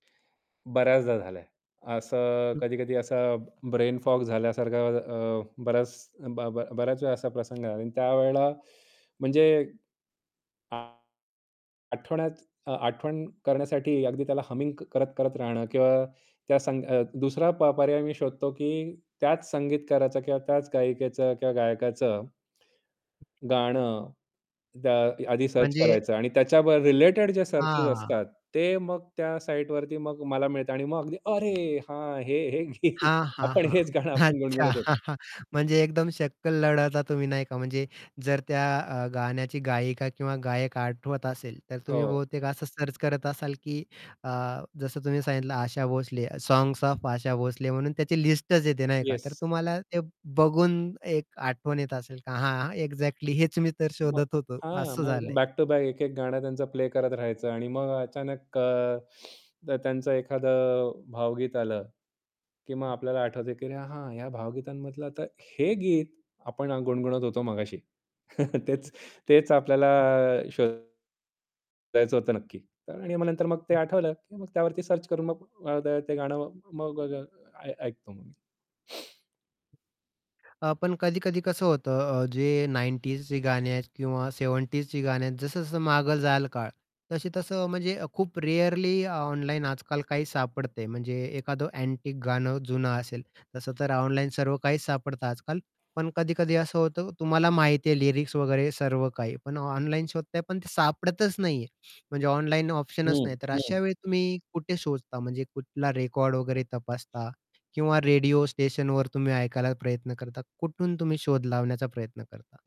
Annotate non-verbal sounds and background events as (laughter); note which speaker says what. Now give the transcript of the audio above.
Speaker 1: बऱ्याचदा झालंय. असं
Speaker 2: हं.
Speaker 1: कधी-कधी असा ब्रेन फॉग झाल्यासारखा अ, बऱ्याच ब ब बऱ्याच वेळा असा प्रसंग झाला आणि त्यावेळेला म्हणजे आठवणच अ, आठवण करण्यासाठी अगदी त्याला हमिंग क करत-करत राहणं किंवा त्या संग अ, दुसरा प पर्याय मी शोधतो, की त्याच संगीतकाराचा किंवा त्याच गायिकेचं किंवा गायकाचं गाणं द आधी सर्च
Speaker 2: म्हणजे
Speaker 1: करायचं आणि त्याच्यावर रिलेटेड जे सर्चेस
Speaker 2: हां.
Speaker 1: असतात. ते मग त्या साइटवरती मग मला मिळतात आणि मग अगदी, "अरे, हां, हे, हे, हे,
Speaker 2: हां, हां,
Speaker 1: आपण
Speaker 2: हां.
Speaker 1: हेच गाणं आपण
Speaker 2: अच्छा,
Speaker 1: गुणगुणत होतो."
Speaker 2: (chuckles) म्हणजे एकदम शक्कल लढवता तुम्ही, नाही का? म्हणजे जर त्या अ, गाण्याची गायिका किंवा गायक आठवत असेल, तर तुम्ही
Speaker 1: हो.
Speaker 2: बहुतेक असं सर्च करत असाल, की अ, जसं तुम्ही सांगितलं आशा भोसले, 'साँग्स ऑफ आशा भोसले' म्हणून त्याची लिस्टच येते नाही का? तर
Speaker 1: येस.
Speaker 2: तुम्हाला ते बघून एक आठवण येत असेल, का "हां, एक्झॅक्टली हेच मी तर
Speaker 1: मग
Speaker 2: शोधत होतो,"
Speaker 1: हां,
Speaker 2: असं
Speaker 1: मग
Speaker 2: झालंय.
Speaker 1: बॅक टू बॅक एक-एक गाणं त्यांचा प्ले करत राहायचं आणि मग अचानक अ, जर त्यांचं एखादं भावगीत आलं, की मग आपल्याला आठवतं, की "अरे, हां, ह्या भावगीतांमधलं तर हे गीत आपण अ, गुणगुणत होतो मघाशी." (chuckles) "तेच तेच आपल्याला, शोधायचं होतं नक्की." तर आणि नंतर मग ते आठवलं, की मग त्यावरती सर्च करून मग अ, द ते गाणं मग अ, द ऐ ऐकतो मी.
Speaker 2: अ, पण कधी-कधी कसं होतं अ, जे 90s ची गाणी आहेत किंवा 70s ची गाणी आहेत जसं-जसं मागे जाईल काळ तशी तसं म्हणजे अ, खूप रेअरली अ, ऑनलाईन आजकाल काही सापडते. म्हणजे एखादं अँटिक गाणं जुनं असेल, तसं तर ऑनलाईन सर्व काहीच सापडतं आजकाल, पण कधी-कधी असं होतं तुम्हाला माहिती आहे लिरिक्स वगैरे सर्व काही. पण ऑनलाईन शोधताय, पण ते सापडतच नाहीये. म्हणजे ऑनलाईन ऑप्शनच
Speaker 1: हं,
Speaker 2: नाही. तर अशा
Speaker 1: हं.
Speaker 2: वेळी तुम्ही कुठे शोधता? म्हणजे कुठला रेकॉर्ड वगैरे तपासता किंवा रेडिओ स्टेशनवर तुम्ही ऐकायला प्रयत्न करता, कुठून तुम्ही शोध लावण्याचा प्रयत्न करता?